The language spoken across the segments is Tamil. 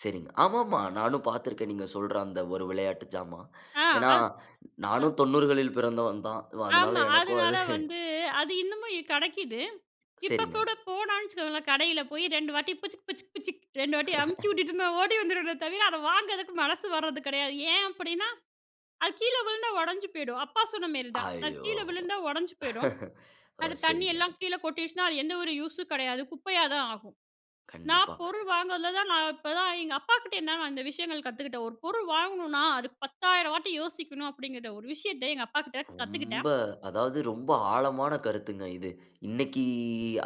சரிங்க, அ ஆமாமா. நானும் பார்த்திருக்கேன் நீங்க சொல்ற அந்த ஒரு விளையாட்டு ஜாமான். ஆ, ஏன்னா, அத் தான். நானும் [unintelligible] 90களில் பிறந்தவன் தான். ஒ அதனால ஆமா, எனக்கும் அதுனால அது. வந்து, அது இன்னுமும், இ கெடைக்குது. இப்ப சரிங்க. கூட போனான்னு வச்சுக்கோங்களேன் கடையில போய் 2 வாட்டி புசுக் புசுக் புசுக். 2 வாட்டி அமுக்கி விட்டுட்டு நான் ஓடி வந்துருவேனே தவிர, அத வாங்குறதுக்கு மனசு வர்றது கெடையாது. ஏன், அப்டின்னா, அது கீழ விழுந்தா உடைஞ்சு போயிடும். அப்பா சொன்ன மாரிதான். அது ஐயோ! கீழ விழுந்தா உடைஞ்சு போயிடும். ஒ, அது தண்ணி சரிங்க. எல்லாம் கீழ கொட்டிடுச்சுன்னா அது எந்த ஒரு யூஸும் கிடையாது. குப்பையா தான் ஆகும். நான் கண்டிப்பா. பொருள் வாங்குறதுல தான் நான், இப்பதான், எங்க அப்பா கிட்ட இருந்து தான் அந்த விஷயங்கள் கத்துக்கிட்டேன். ஒரு பொருள் வாங்கணும்னா, அது 10,000 வாட்டி யோசிக்கணும் அப்டிங்கிற ஒரு விஷயத்த எங்க அப்பா கிட்ட ரொம்ப, கத்துக்கிட்டேன். அதாவது ரொம்ப ஆழமான கருத்துங்க இது. இன்னைக்கு,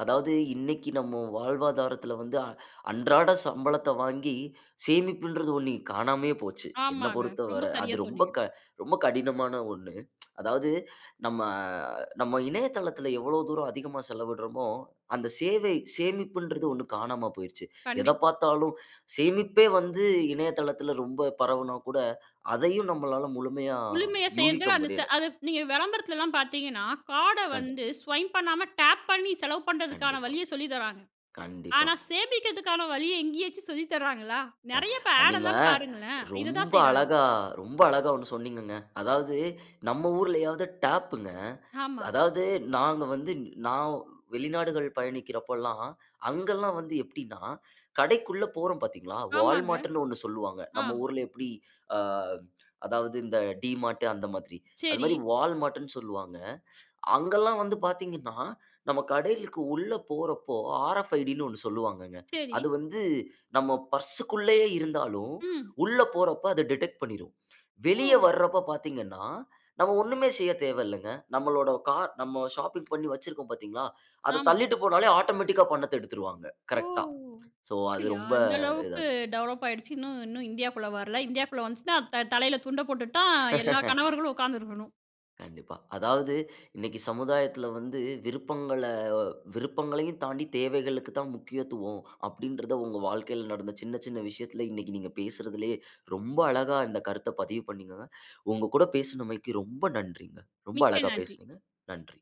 அதாவது இன்னைக்கு நம்ம வாழ்வாதாரத்துல வந்து, அ, அன்றாட சம்பளத்த வாங்கி சேமிப்புன்றது ஒண்ணு காணாமையே போச்சு. என்ன ஆமாங்க, பொறுத்தவர ரொம்ப அது சரியா ரொம்ப, சொன்னீங்க. க ரொம்ப கடினமான ஒண்ணு. அதாவது நம்ம, நம்ம இணையதளத்துல எவ்ளோ தூரம் அதிகமா செலவிடறோமோ, அந்த சேவை சேமிப்புன்றது ஒண்ணு காணாம போயிருச்சு. எத கண்டிப் பார்த்தாலும் சேமிப்பே வந்து இணையதளத்துல ரொம்ப பரவனா கூட, அதையும் நம்மளால முழுமையா முழுமையா யூகிக்க செய்றதுல, அந்த, ச முடியல. அது நீங்க விளம்பரத்துலல்லாம் பார்த்தீங்கன்னா, கார்ட கண்ட வந்து ஸ்வைப் பண்ணாம, டேப் பண்ணி செலவு பண்றதுக்கான கண்டிப்பா, வழிய சொல்லி தராங்க. கண்டிப்பா. ஆனா, சேமிக்கிறதுக்கான வழிய எங்கேயாச்சும் சொல்லி தராங்களா? அ, நெறைய இப்ப ஆட் நீங்க எல்லாம் பாருங்களேன் இததான் ரொம்ப செய்றாங்க. அழகா, ரொம்ப அழகா ஒண்ணு சொன்னீங்கங்க. அதாவது நம்ம ஊர்லையாவது டேப்ங்க. ஆமா. அதாவது நாங்க வந்து நான் வெளிநாடுகள் பயணிக்கிறப்பலாம் அங்கெல்லாம் வந்து எப்டின்னா, கடைக்குள்ள போறோம் பாத்தீங்களா ஆமாங்க. Wallmartன்னு ஒண்ணு சொல்லுவாங்க. ஆ. நம்ம ஊர்ல எப்டி அ, அதாவது இந்த டிமார்ட் அந்த மாதிரி. அது சரி. மாரி Wallmartன்னு சொல்லுவாங்க. அங்கெல்லாம் வந்து பாத்தீங்கன்னா நம்ம கடைக்கு உள்ள போறப்போ, ஆர்எஃப் ஐடின்னு ஒண்ணு சொல்லுவாங்கங்க. அது சரி. வந்து, நம்ம பர்ஸ்க்குள்ளயே இருந்தாலும் ம். உள்ள போறப்ப அது டிடெக்ட் பண்ணிரும். ஓ! வெளிய வரப்ப பாத்தீங்கன்னா, நம்ம ஒண்ணுமே செய்யத் தேவயில்லைங்க. நம்மளோட கார் நம்ம ஷாப்பிங் பண்ணி வச்சிருக்கோம் பாத்தீங்களா, அத ஆமா. தள்ளிட்டு போனாலே ஆட்டோமேட்டிக்கா பணத்த எடுத்துருவாங்க. ஓ! கரெக்டா. சோ அது அப்டியா? ரொம்ப அந்த அளவுக்கு இதாயிருச்சு. டெவலப் ஆயிடுச்சு. இன்னும் இன்னும் இந்தியாக்குள்ள வரல. இந்தியாக்குள்ள வந்துச்சுன்னா த தலையில துண்ட போட்டுட்டு தான் எல்லா கணவர்களும் உட்கார்ந்து இருக்கணும். கண்டிப்பா. அதாவது இன்னைக்கு சமுதாயத்துல வந்து விருப்பங்கள விருப்பங்களையும் தாண்டி தேவைகளுக்கு தான் முக்கியத்துவம் அப்டின்றது உங்க வாழ்க்கையில நடந்த சின்ன, சின்ன விஷயத்துல இன்னைக்கு நீங்க பேசுறதுலயே ரொம்ப அழகா இந்த கருத்த பதிவு பண்ணீங்கங்க. உங்க கூட பேசினமைக்கு ரொம்ப நன்றிங்க. ரொம்ப மிக்க அழகா நன்றி. பேசினீங்க. நன்றி.